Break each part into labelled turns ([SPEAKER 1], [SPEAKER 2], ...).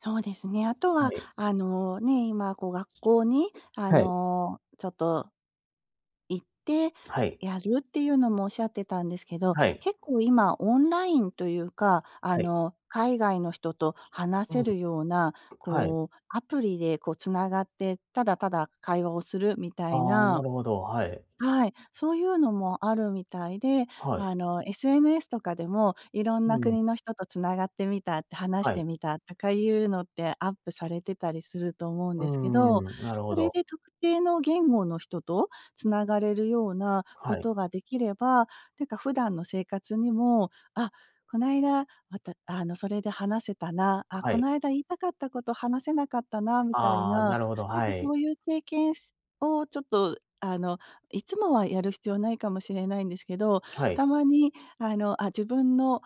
[SPEAKER 1] そうですね。あと
[SPEAKER 2] は
[SPEAKER 1] は、
[SPEAKER 2] い。
[SPEAKER 1] あの、ね、今こう、学校に、あ
[SPEAKER 2] はい。
[SPEAKER 1] の、ちょっと行って、
[SPEAKER 2] はい。
[SPEAKER 1] やるっていうのもおっしゃってたんですけど、
[SPEAKER 2] はい。
[SPEAKER 1] 結構、今オンラインというか、あ
[SPEAKER 2] はい。
[SPEAKER 1] の、海外の人と話
[SPEAKER 2] う
[SPEAKER 1] せ
[SPEAKER 2] ん。
[SPEAKER 1] るような、
[SPEAKER 2] はい。
[SPEAKER 1] こう、アプリでこう繋がって、ただただ会話をするみたい
[SPEAKER 2] ああ、な
[SPEAKER 1] な
[SPEAKER 2] るほど、はい。
[SPEAKER 1] はい、そういうのもあるみたいで、
[SPEAKER 2] はい。
[SPEAKER 1] あの、SNS とかでも、いろん
[SPEAKER 2] う
[SPEAKER 1] な
[SPEAKER 2] ん。
[SPEAKER 1] 国の人と繋がってみたって、話し
[SPEAKER 2] は
[SPEAKER 1] て
[SPEAKER 2] い。
[SPEAKER 1] みた、とかいうのってアップされてたりすると思うん
[SPEAKER 2] うー
[SPEAKER 1] ですけど、
[SPEAKER 2] ん、なるほ
[SPEAKER 1] それ
[SPEAKER 2] ど。
[SPEAKER 1] で特定の言語の人と繋がれるようなこ
[SPEAKER 2] はい。
[SPEAKER 1] とができれば、なんか、普段の生活にも「あ、こないだ、またあの、それで話せたな。あ、
[SPEAKER 2] は
[SPEAKER 1] こ
[SPEAKER 2] い。
[SPEAKER 1] ないだ、言いたかったこと話せなかったな」みたい
[SPEAKER 2] ああ、
[SPEAKER 1] な、
[SPEAKER 2] なるほど、
[SPEAKER 1] なん
[SPEAKER 2] は
[SPEAKER 1] かそ
[SPEAKER 2] い。
[SPEAKER 1] ういう経験しをちょっと、あの、いつもはやる必要ないかもしれないんですけど、
[SPEAKER 2] はい。
[SPEAKER 1] たまに、あの「あ、自分の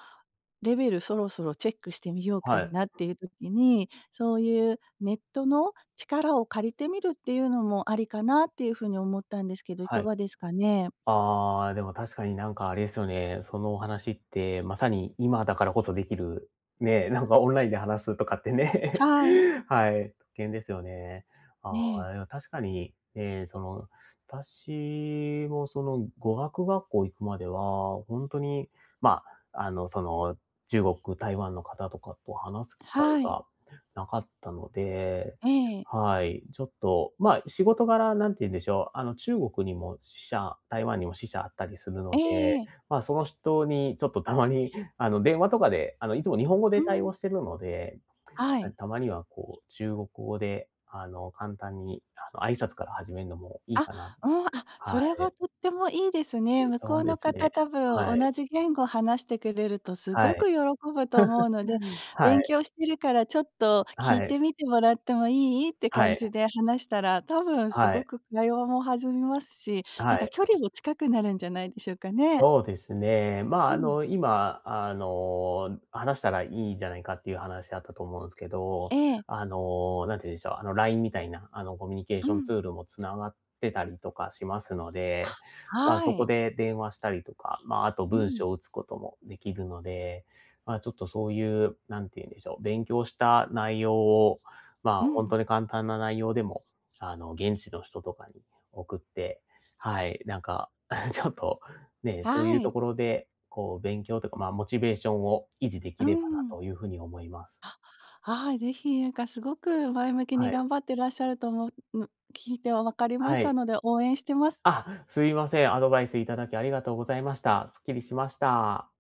[SPEAKER 1] レベルそろそろチェックしてみようか
[SPEAKER 2] はい。
[SPEAKER 1] な」っていう時に、そういうネットの力を借りてみるっていうのも、ありかなっていうふうに思ったんですけど、い
[SPEAKER 2] は
[SPEAKER 1] か
[SPEAKER 2] い。
[SPEAKER 1] がですかね？
[SPEAKER 2] ああ、でも確かになんかあれですよね。そのお話ってまさに今だからこそできる、ね、なんかオンラインで話すとかってね。
[SPEAKER 1] はい。
[SPEAKER 2] はい、特権ですよね。あ
[SPEAKER 1] ええ。
[SPEAKER 2] あ、でも確かに、ええ、その、私もその、語学学校行くまでは、ほんとに、ま、あの、その、中国、台湾の方とかと話す機会
[SPEAKER 1] はい。
[SPEAKER 2] がなかったので。
[SPEAKER 1] ええ。
[SPEAKER 2] はい、ちょっと、ま、仕事柄、何て言うんでしょう、あの、中国にも支社、台湾にも支社あったりする
[SPEAKER 1] え
[SPEAKER 2] の
[SPEAKER 1] ええ
[SPEAKER 2] で。
[SPEAKER 1] え。
[SPEAKER 2] ま、その人にちょっとたまに、あの、電話とかで、あの、いつも日本語
[SPEAKER 1] う
[SPEAKER 2] で対
[SPEAKER 1] ん。
[SPEAKER 2] 応してるので、
[SPEAKER 1] は
[SPEAKER 2] ね、
[SPEAKER 1] い。
[SPEAKER 2] たまにはこう中国語であの、簡単に、あの、挨拶から始めるのもいい
[SPEAKER 1] あ、
[SPEAKER 2] かなと。
[SPEAKER 1] うん、あ、そ
[SPEAKER 2] は
[SPEAKER 1] れは
[SPEAKER 2] い。
[SPEAKER 1] とってもいいです
[SPEAKER 2] う
[SPEAKER 1] ね。
[SPEAKER 2] ん、
[SPEAKER 1] 向こ
[SPEAKER 2] そ
[SPEAKER 1] う
[SPEAKER 2] うで
[SPEAKER 1] の
[SPEAKER 2] す
[SPEAKER 1] 方
[SPEAKER 2] ね、
[SPEAKER 1] 多分、
[SPEAKER 2] はい。
[SPEAKER 1] 同じ言語話してくれると、す
[SPEAKER 2] は
[SPEAKER 1] ごく
[SPEAKER 2] い。
[SPEAKER 1] 喜ぶと思うので
[SPEAKER 2] は
[SPEAKER 1] 「勉
[SPEAKER 2] い。
[SPEAKER 1] 強してるから、ちょっと聞い
[SPEAKER 2] は
[SPEAKER 1] て
[SPEAKER 2] い。
[SPEAKER 1] みてもらってもいい？」って
[SPEAKER 2] は
[SPEAKER 1] 感じ
[SPEAKER 2] い。
[SPEAKER 1] で話したら、多分す
[SPEAKER 2] は
[SPEAKER 1] ご
[SPEAKER 2] い。
[SPEAKER 1] く会話も弾みますし、な
[SPEAKER 2] は
[SPEAKER 1] んか
[SPEAKER 2] い。
[SPEAKER 1] 距離も近くなるんじゃないでしょうかね。
[SPEAKER 2] そうですね、ま、
[SPEAKER 1] う
[SPEAKER 2] あ
[SPEAKER 1] ん。
[SPEAKER 2] の、今あの、話したらいいじゃないかっていう話あったと思うんすけど、
[SPEAKER 1] ええ。
[SPEAKER 2] あの、なんて言うんでしょう、あの、LINE みたいな、あの、コミュニケー
[SPEAKER 1] う
[SPEAKER 2] ションツ
[SPEAKER 1] ん。
[SPEAKER 2] ールも繋がってたりとかしますの
[SPEAKER 1] あ、
[SPEAKER 2] で、ま、
[SPEAKER 1] は
[SPEAKER 2] そこ
[SPEAKER 1] い。
[SPEAKER 2] で電話したりとか、ま、あと
[SPEAKER 1] う
[SPEAKER 2] 文
[SPEAKER 1] ん。
[SPEAKER 2] 章打つこともできるので、ま、ちょっとそういう、何て言うんでしょう、勉強した内容を、ま、
[SPEAKER 1] う
[SPEAKER 2] ほん
[SPEAKER 1] ん。
[SPEAKER 2] とに簡単な内容でも、あの、現地の人とかに送って、はい、なんかちょっと、ね、そういう
[SPEAKER 1] は
[SPEAKER 2] と
[SPEAKER 1] い。
[SPEAKER 2] ころで、こう勉強というか、ま、モチベーションを維持でき
[SPEAKER 1] うー
[SPEAKER 2] ればな
[SPEAKER 1] ん。
[SPEAKER 2] という風に思います。
[SPEAKER 1] あ、はい、是非なんかすごく前向き
[SPEAKER 2] は
[SPEAKER 1] に
[SPEAKER 2] い。
[SPEAKER 1] 頑張ってらっしゃると思うん、聞いて分かりま
[SPEAKER 2] は
[SPEAKER 1] し
[SPEAKER 2] い。
[SPEAKER 1] たので応援してます。
[SPEAKER 2] あ、すいません、アドバイス頂きありがとうございました。すっきりしました。